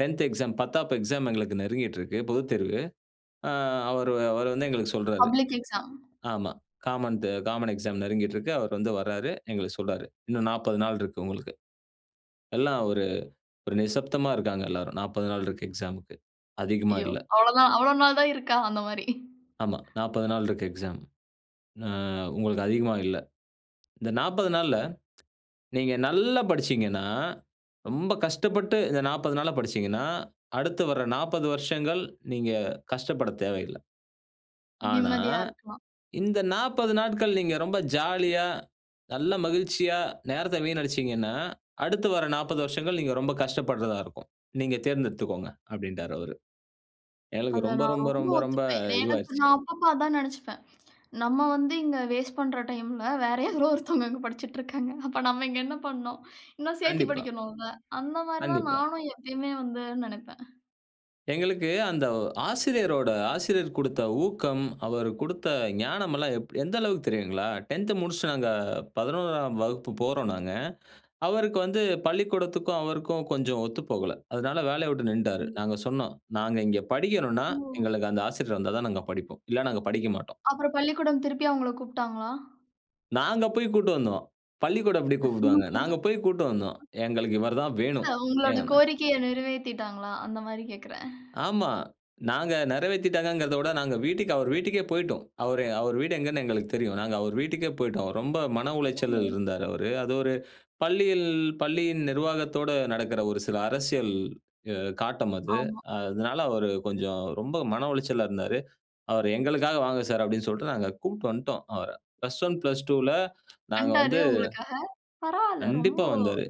10 exam, பத்தாப் exam எங்களுக்கு நெருங்கிட்டு இருக்கு பொதுத்தேர்வு. ஆ அவர் அவர் வந்து எங்களுக்கு சொல்றார். Public exam. ஆமா. காமன் காமன் எக்ஸாம் நெருங்கிகிட்டு இருக்கு. அவர் வந்து வர்றாரு. எங்களுக்கு சொல்றார். இன்னும் 40 நாள் இருக்கு உங்களுக்கு. எல்லாம் ஒரு ஒரு நிசப்தமா இருக்காங்க. எல்லாரும் 40 நாள் இருக்கு எக்ஸாம்க்கு, அதிகமா ஐயோ இல்ல. அவ்வளவு தான் அவ்வளவு நாள் தான் இருக்கா? அந்த மாரி. ஆமா, 40 நாள் இருக்கு எக்ஸாம். அ உங்களுக்கு அதிகமா இல்ல. இந்த 40 நாள்ல நீங்க நல்லா படிச்சீங்கன்னா, ரொம்ப கஷ்டப்பட்டு இந்த 40 நாள்ல படிச்சீங்கனா, அடுத்து வர்ற 40 வருஷங்கள் நீங்க கஷ்டப்படத் தேவையில்ல. ஆனா, நிம்மதியா இருக்கலாம். இந்த 40 நாட்கள் நீங்க ரொம்ப ஜாலியா, நல்ல மகிழ்ச்சியா நேரத்த வீணடிச்சீங்கன்னா, அடுத்து வர 40 வருஷகள் நீங்க ரொம்ப கஷ்டப்படுறதா இருக்கும். நீங்க தேர்ந்தெடுத்துக்கோங்க அப்டின்டாரு அவரு. எங்களுக்கு அத ரொம்ப நான் ரொம்ப ரொம்ப ரொம்ப ரொம்ப ஒத்துப்பேன். என எனக்கு இதுவாயிருச்சு. நான் அப்பப்போ அதான் நினச்சுப்பேன். நம்ம வந்து இங்க வாஸ்ட் பண்ற டைமில வேறு யாரோ ஒருத்தவங்க இங்கே படிச்சிட்டு இருக்காங்க. அப்போ நம்ம இங்கே என்ன பண்ணோம். இன்னும் சேர்த்தி கண்டிப்பா. படிக்கணும்ல. அந்த மாதிரி தான் கண்டிப்பா. நானும் எப்பயுமே வந்து நினப்பேன். எங்களுக்கு அந்த ஆசிரியரோட ஆசிரியர் குடுத்த ஊக்கம், அவர் குடுத்த ஞானமல்லாம் எந்த அளவுக்கு தெரியுங்களா? 10 முடிச்சிட்டு நாங்க 11 ஆம் வகுப்பு போறோம் நாங்க. அவருக்கு வந்து பள்ளிக்கூடத்திற்கும் அவருக்கும் கொஞ்சம் ஒத்து போகல. அதனால வேலையை விட்டு நின்னுட்டாரு. ம். நாங்க சொன்னோம், "நாங்க இங்கே படிக்கணும்னா, ஓ. எங்களுக்கு அந்த ஆசிரியர் வந்தா தான் நாங்க படிப்போம். இல்ல நாங்க படிக்க மாட்டோம்." அப்புறம் பள்ளிக்கூடம் திருப்பி அவங்கள கூப்ட்டாங்களா? நாங்க போய் கூட்டி வந்தோம். பள்ளிக்கூடம் எப்டி கூப்பிடுவாங்க. நாங்க போய் கூட்டு வந்தோம். எங்களுக்கு இவரு தான் வேணும். இல்ல. உங்களோட [unintelligible] கோரிக்கையை நிறைவேத்திட்டாங்களா அந்த மாதிரி கேக்குறேன். ஆமா நாங்க நிறைவேத்திட்டாங்கங்கிறத விட நாங்க வீட்டுக்கு அவர் வீட்டுக்கே போயிட்டோம். அவரு அவர் வீடு எங்கன்னு எங்களுக்கு தெரியும். நாங்க அவர் வீட்டுக்கே போயிட்டோம். ரொம்ப மன உளைச்சலில் ம். இருந்தார் அவரு. அது ஒரு பள்ளியில் பள்ளியின் நிர்வாத்தோடு நடக்கிற ஒரு சில அரசியல் காட்டம் அது. ஆமா. அதனால, அவரு கொஞ்சம் ரொம்ப மன உளைச்சலா இருந்தாரு. அவர் எங்களுக்காக வாங்க சார் அப்டின்னு சொல்லிட்டு நாங்க கூட்டு வந்துட்டோம் அவர. பிளஸ் 1, பிளஸ் 2ல நாங்க வண்டாரு வந்து உங்களுக்காக. பரவால்ல ரொம்ப கண்டிப்பா வந்தாரு.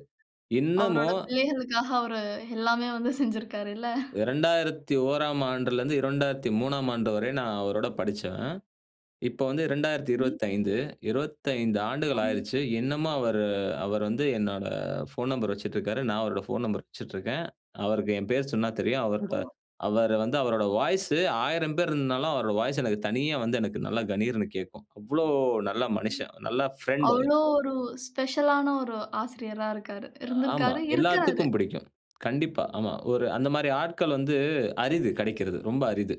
என்னமோ அவருடைய பிள்ளைகளுக்கா அவர் எல்லாமே வந்து செய்ஞ்சிருக்காருள்ல. 2001ஆம் ஆண்டில இருந்து 2003ஆம் ஆண்டு வரை நான் அவரோட படிச்சவன். இப்பது வந்து ரெண்டாயிரத்து ம். இருபத்தஞ்சு, 25 ஆண்டுகள் ஆமா ஆயிடுச்சு. இன்னமும் அவர் அவர் வந்து என்னோட போன் நம்பர் வச்சிட்டு இருக்கிறாரு. நான் அவரோட போன் நம்பர் வைச்சிட்டு இருக்கேன். அவருக்கு என் பெயர் சொன்னா தெரியும். அவருடைய ஓ. அவர் வந்து அவருடைய வாய்ஸ் 1000 பேர் இருந்தாலும் அவருடைய வாய்ஸ் எனக்கு தனியா வந்து எனக்கு நல்லா கனீர்னு கேட்கும். அவ்வளவு நல்ல ம். மனுஷன், நல்ல ஃபிரெண்ட் அவரு. அவ்வளவு ஒரு ஸ்பெஷல ஆன ஒரு ஆசிரியரா இருக்காரு. ஆமா இருந்திருக்காரு இருக்கிறாரு. எல்லாத்துக்கும் பிடிக்கும். கண்டிப்பா ஆமா ஒரு அந்த மாரி ஆட்கள் வந்து அரிது கிடைக்கிறது ரொம்ப அரிது.